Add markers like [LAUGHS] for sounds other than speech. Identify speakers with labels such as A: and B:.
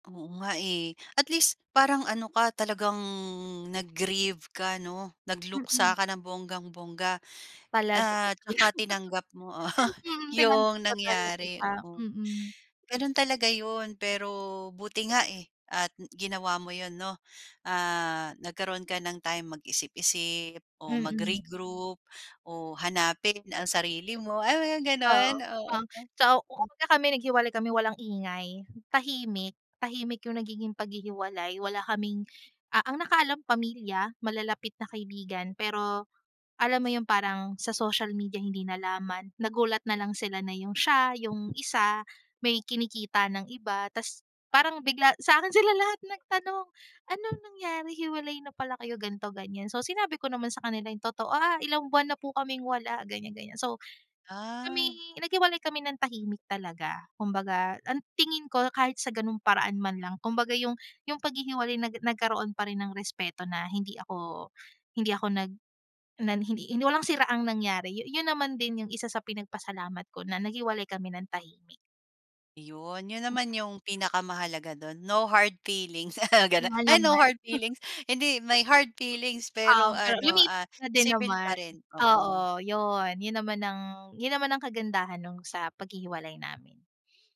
A: Oo nga eh. At least, parang ano ka, talagang nag-grieve ka, 'no? Nagluksa
B: Mm.
A: ka ng bonggang-bongga
B: Talaga.
A: at
B: [LAUGHS]
A: saka tinanggap mo, oo [CHUCKLES]
B: Mm, tinanggap
A: yung
B: ko talaga
A: nangyari,
B: siya,
A: oo.
B: mm.
A: Ganun talaga yun, pero buti nga, eh, at ginawa mo yun 'no. Ah, nagkaroon ka ng time mag-isip-isip o
B: Mm.
A: magre-group o hanapin ang sarili mo, ah, mga
B: Oo.
A: ganun, oo.
B: Um, so,
A: Mm.
B: [UNINTELLIGIBLE] kami naghiwalay kami, walang ingay. Tahimik, tahimik yung nagiging paghihiwalay. Wala kaming, ah, ang nakaalam pamilya, malalapit na kaibigan. Pero alam mo yun, parang sa social media hindi nalaman. Nagulat nalang sila na yung siya, yung isa, may kinikita ng iba. Tapos parang bigla sa akin sila lahat nagtanong. "Anong nangyari? Hiwalay na pala kayo? Ganto, ganyan." So, sinabi ko naman sa kanila yung totoo, "Ah, ilang buwan na po kaming wala, ganyan ganyan." So, kami
A: Ah.
B: naghiwalay kami ng tahimik talaga. Kung baga, ang tingin ko, kahit sa ganung paraan man lang kung baga, yung yung paghihiwalay na nagkaroon pa rin ng respeto na hindi ako hindi ako nag na hi hindi hindi, walang siraang nangyari. Yun naman din yung isa sa pinagpasalamat ko na naghiwalay kami ng tahimik.
A: Yun, yun
B: [UNINTELLIGIBLE]
A: naman yung pinakamahalaga dun. No hard feelings, sabay
B: Oo
A: ganun.
B: nga
A: Ay, no
B: naman. [CHUCKLES]
A: hard feelings. Hindi may hard feelings,
B: Um,
A: pero
B: pero
A: ano,
B: lumiit
A: ah,
B: na din
A: sibil
B: naman.
A: pa rin, oo.
B: Oo, yun. Yun naman ang yun naman ang kagandahan nung sa paghihiwalay namin.